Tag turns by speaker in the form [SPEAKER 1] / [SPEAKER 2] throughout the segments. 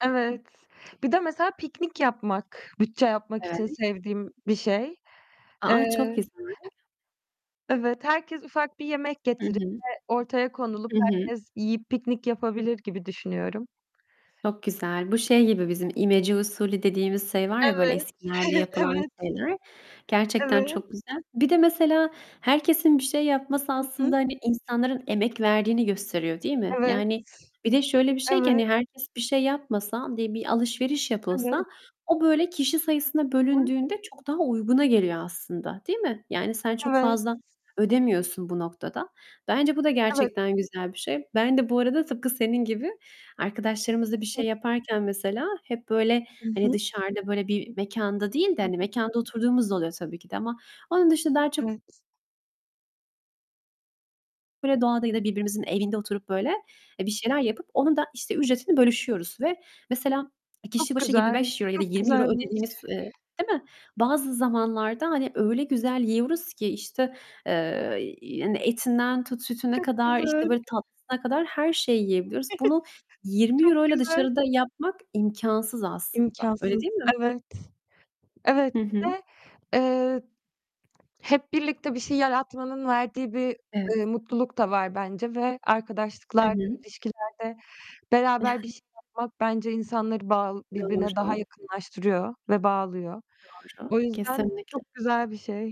[SPEAKER 1] Evet. Bir de mesela piknik yapmak, bütçe yapmak için
[SPEAKER 2] Evet.
[SPEAKER 1] sevdiğim bir şey.
[SPEAKER 2] A a, çok
[SPEAKER 1] Eee
[SPEAKER 2] güzel!
[SPEAKER 1] Evet. Herkes ufak bir yemek
[SPEAKER 2] Hı
[SPEAKER 1] getirip
[SPEAKER 2] hı.
[SPEAKER 1] de ortaya konulup
[SPEAKER 2] Hı hı.
[SPEAKER 1] herkes yiyip piknik yapabilir gibi düşünüyorum.
[SPEAKER 2] Çok güzel. Bu şey gibi bizim, imece usulü dediğimiz şey var ya, böyle,
[SPEAKER 1] Evet.
[SPEAKER 2] eskilerde yapılan
[SPEAKER 1] Evet.
[SPEAKER 2] şeyler. Gerçekten
[SPEAKER 1] Evet.
[SPEAKER 2] çok güzel. Bir de mesela herkesin bir şey yapması
[SPEAKER 1] Hı hı.
[SPEAKER 2] aslında, hani, insanların emek verdiğini gösteriyor, değil mi?
[SPEAKER 1] Evet.
[SPEAKER 2] Yani bir de şöyle bir şey ki,
[SPEAKER 1] Evet.
[SPEAKER 2] hani, herkes bir şey yapmasa, di bir alışveriş
[SPEAKER 1] Evet.
[SPEAKER 2] yapılsa o böyle kişi sayısına
[SPEAKER 1] Hı hı.
[SPEAKER 2] bölündüğünde çok daha uyguna geliyor aslında, değil mi? Yani sen çok
[SPEAKER 1] Evet.
[SPEAKER 2] fazla ödemiyorsun bu noktada. Bence bu da
[SPEAKER 1] Evet.
[SPEAKER 2] gerçekten güzel bir şey. Ben de bu arada tıpkı senin gibi arkadaşlarımızla bir şey
[SPEAKER 1] [unintelligible]
[SPEAKER 2] yaparken mesela hep, böyle,
[SPEAKER 1] Hı
[SPEAKER 2] hani,
[SPEAKER 1] hı.
[SPEAKER 2] dışarıda böyle bir mekanda değil de,
[SPEAKER 1] Hı
[SPEAKER 2] hani,
[SPEAKER 1] hı.
[SPEAKER 2] -mekanda oturduğumuz da oluyor tabii ki de ama onun dışında daha çok
[SPEAKER 1] Evet.
[SPEAKER 2] böyle, doğada ya da birbirimizin evinde oturup böyle, eee, bir şeyler yapıp onun da, işte, ücretini bölüşüyoruz. Ve mesela kişi
[SPEAKER 1] Çok
[SPEAKER 2] başı yirmi
[SPEAKER 1] güzel.
[SPEAKER 2] beş euro ya da
[SPEAKER 1] Çok
[SPEAKER 2] €20
[SPEAKER 1] güzelmiş.
[SPEAKER 2] ödediğimiz, eee, değil mi, bazı zamanlarda, hani, öyle güzel yiyoruz ki, işte, eee, hani, etinden tut sütüne
[SPEAKER 1] Çok
[SPEAKER 2] kadar, işte,
[SPEAKER 1] güzel.
[SPEAKER 2] böyle tatlısına kadar her şeyi yiyebiliyoruz. Bunu yirmi
[SPEAKER 1] Çok
[SPEAKER 2] euro'yla
[SPEAKER 1] güzel.
[SPEAKER 2] dışarıda yapmak imkânsız aslında. Öyle
[SPEAKER 1] İmkânsız.
[SPEAKER 2] değil mi?
[SPEAKER 1] Evet. Evet,
[SPEAKER 2] Hı
[SPEAKER 1] bir
[SPEAKER 2] hı.
[SPEAKER 1] de, eee, hep birlikte bir şey yaratmanın verdiği bir,
[SPEAKER 2] Evet.
[SPEAKER 1] eee, mutluluk da var bence ve
[SPEAKER 2] Hı
[SPEAKER 1] arkadaşlıklarda,
[SPEAKER 2] hı.
[SPEAKER 1] ilişkilerde beraber bir şey yapmak bence insanları bağl birbirine daha
[SPEAKER 2] Doğru.
[SPEAKER 1] yakınlaştırıyor ve bağlıyor.
[SPEAKER 2] Doğru.
[SPEAKER 1] O yüzden
[SPEAKER 2] Kesinlikle.
[SPEAKER 1] çok güzel bir şey.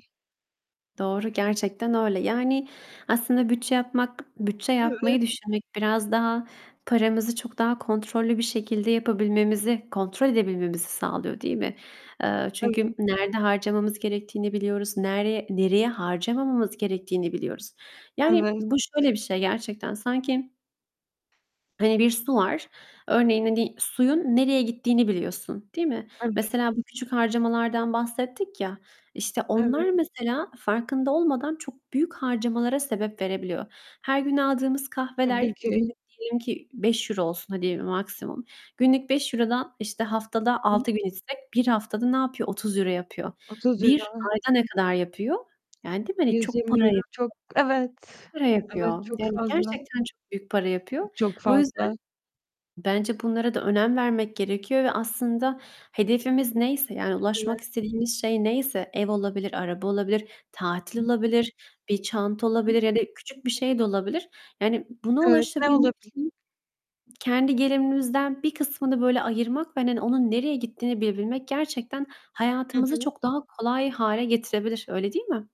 [SPEAKER 2] Doğru. Gerçekten öyle. Yani, aslında bütçe yapmak bütçe
[SPEAKER 1] Evet.
[SPEAKER 2] yapmayı düşünmek biraz daha paramızı çok daha kontrollü bir şekilde yapabilmemizi, kontrol edebilmemizi sağlıyor, değil mi? Eee,
[SPEAKER 1] Evet.
[SPEAKER 2] çünkü nerede harcamamız gerektiğini biliyoruz. Nereye nereye harcamamamız gerektiğini biliyoruz. Yani,
[SPEAKER 1] Evet.
[SPEAKER 2] bu şöyle bir şey gerçekten; sanki hani, bir su var. Örneğin, hani, suyun nereye gittiğini biliyorsun, değil mi?
[SPEAKER 1] Evet.
[SPEAKER 2] Mesela bu küçük harcamalardan bahsettik ya, işte, onlar
[SPEAKER 1] Evet.
[SPEAKER 2] mesela farkında olmadan çok büyük harcamalara sebep verebiliyor. Her gün aldığımız kahveler
[SPEAKER 1] Tabii ki.
[SPEAKER 2] günlük diyelim ki €5 olsun hadi maksimum. Günlük €5'dan, işte, haftada
[SPEAKER 1] Hı hı.
[SPEAKER 2] 6 gün içsek 1 haftada ne yapıyor? €30 yapıyor.
[SPEAKER 1] otuz
[SPEAKER 2] 1
[SPEAKER 1] euro.
[SPEAKER 2] ayda ne kadar yapıyor? Yani, değil mi, hani,
[SPEAKER 1] yüz
[SPEAKER 2] çok
[SPEAKER 1] yirmi
[SPEAKER 2] para
[SPEAKER 1] euro
[SPEAKER 2] yapıyor.
[SPEAKER 1] çok Evet.
[SPEAKER 2] Para
[SPEAKER 1] Evet,
[SPEAKER 2] yapıyor.
[SPEAKER 1] çok
[SPEAKER 2] Yani
[SPEAKER 1] fazla.
[SPEAKER 2] gerçekten çok büyük para
[SPEAKER 1] Çok
[SPEAKER 2] yapıyor.
[SPEAKER 1] çok
[SPEAKER 2] O yüzden
[SPEAKER 1] fazla.
[SPEAKER 2] bence bunlara da önem vermek gerekiyor. Ve aslında hedefimiz neyse, yani ulaşmak
[SPEAKER 1] Evet.
[SPEAKER 2] istediğimiz şey neyse; ev olabilir, araba olabilir, tatil
[SPEAKER 1] Hı hı.
[SPEAKER 2] olabilir, bir çanta
[SPEAKER 1] Hı hı.
[SPEAKER 2] olabilir ya da küçük bir
[SPEAKER 1] [unintelligible]
[SPEAKER 2] şey de olabilir. Yani, buna
[SPEAKER 1] Evet, ne
[SPEAKER 2] ulaşabilmek
[SPEAKER 1] olabilir?
[SPEAKER 2] için kendi gelirimizden bir kısmını böyle ayırmak ve, hani, onun nereye gittiğini bilebilmek gerçekten
[SPEAKER 1] Hı
[SPEAKER 2] hayatımızı
[SPEAKER 1] hı.
[SPEAKER 2] çok daha kolay hâle getirebilir, öyle değil mi?